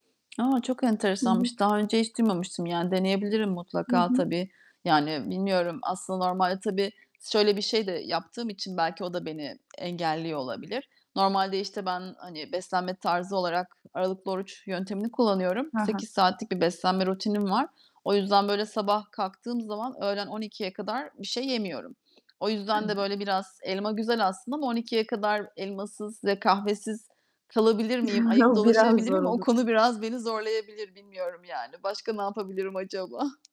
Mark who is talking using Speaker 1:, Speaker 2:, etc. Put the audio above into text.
Speaker 1: A, çok
Speaker 2: Hı hı.
Speaker 1: enteresanmış. Daha önce hiç duymamıştım, yani, deneyebilirim
Speaker 2: Hı
Speaker 1: mutlaka,
Speaker 2: hı.
Speaker 1: tabii. Yani, bilmiyorum, aslında normalde tabii şöyle bir şey de yaptığım için belki o da beni engelliyor olabilir. Normalde, işte, ben, hani, beslenme tarzı olarak aralıklı oruç yöntemini kullanıyorum.
Speaker 2: Ha ha.
Speaker 1: 8 saatlik bir beslenme rutinim var. O yüzden, böyle, sabah kalktığım zaman öğlen 12.00'ye kadar bir şey yemiyorum. O yüzden
Speaker 2: Evet.
Speaker 1: de, böyle, biraz, elma güzel aslında ama 12.00'ye kadar elmasız ve kahvesiz kalabilir miyim? Ayık
Speaker 2: O biraz
Speaker 1: dolaşabilir
Speaker 2: zor
Speaker 1: miyim? O
Speaker 2: olur.
Speaker 1: konu biraz beni zorlayabilir bilmiyorum, yani. Başka ne yapabilirim acaba?